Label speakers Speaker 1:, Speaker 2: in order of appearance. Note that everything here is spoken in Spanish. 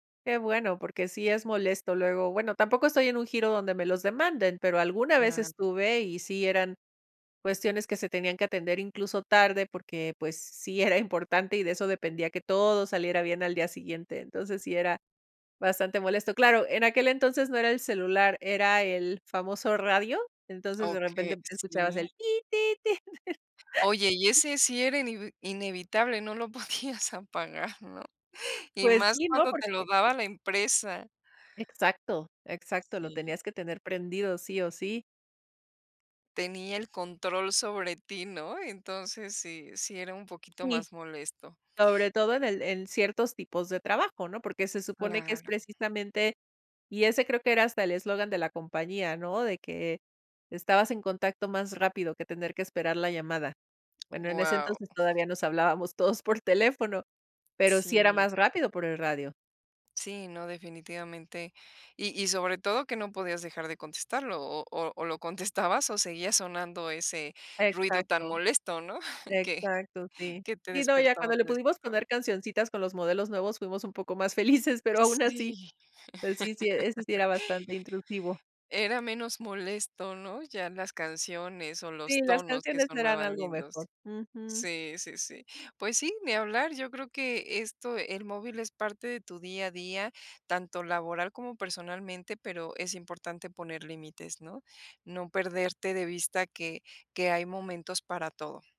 Speaker 1: Que bueno, porque sí es molesto. Luego, bueno, tampoco estoy en un giro donde me los demanden, pero alguna vez
Speaker 2: Claro.
Speaker 1: estuve y sí eran cuestiones que se tenían que atender incluso tarde porque, pues, sí era importante y de eso dependía que todo saliera bien al día siguiente. Entonces, sí era bastante molesto. Claro, en aquel entonces no era el celular, era el famoso radio, entonces de
Speaker 2: Okey,
Speaker 1: repente escuchabas
Speaker 2: sí.
Speaker 1: el ti, ti, ti.
Speaker 2: Oye, y ese sí era inevi inevitable, no lo podías apagar, ¿no? Y
Speaker 1: Pues
Speaker 2: más
Speaker 1: sí, ¿no?
Speaker 2: cuando te lo
Speaker 1: Porque
Speaker 2: daba la empresa.
Speaker 1: Exacto, exacto, lo
Speaker 2: Sí.
Speaker 1: tenías que tener prendido sí o sí.
Speaker 2: Tenía el control sobre ti, ¿no? Entonces sí sí era un poquito
Speaker 1: Sí,
Speaker 2: más molesto.
Speaker 1: sobre todo, en el en ciertos tipos de trabajo, ¿no? Porque se supone que es
Speaker 2: Claro.
Speaker 1: precisamente y ese creo que era hasta el eslogan de la compañía, ¿no? De que estabas en contacto más rápido que tener que esperar la llamada. Bueno, en ese
Speaker 2: Guau.
Speaker 1: entonces, todavía nos hablábamos todos por teléfono, pero sí era
Speaker 2: Sí.
Speaker 1: más rápido por el radio.
Speaker 2: Sí no, definitivamente. Y y sobre todo que no podías dejar de contestarlo o o o lo contestabas o seguía sonando ese ruido tan
Speaker 1: Exacto,
Speaker 2: molesto, ¿no? Que
Speaker 1: exacto, sí.
Speaker 2: que te
Speaker 1: Sí, no, ya
Speaker 2: despertaba
Speaker 1: cuando le
Speaker 2: te
Speaker 1: pudimos
Speaker 2: despertaba.
Speaker 1: poner cancioncitas con los modelos nuevos fuimos un poco más felices, pero
Speaker 2: Sí.
Speaker 1: aún así pues sí, sí, ese sí era bastante intrusivo.
Speaker 2: Era menos molesto, ¿no? Ya las canciones o los
Speaker 1: Sí, las
Speaker 2: tonos que
Speaker 1: canciones eran
Speaker 2: sonaban
Speaker 1: algo mejor.
Speaker 2: lindos.
Speaker 1: Ujú.
Speaker 2: Sí, sí, sí. Pues sí, ni hablar, yo creo que esto el móvil es parte de tu día a día, tanto laboral como personalmente, pero es importante poner límites, ¿no? No perderte de vista que que hay momentos para todo.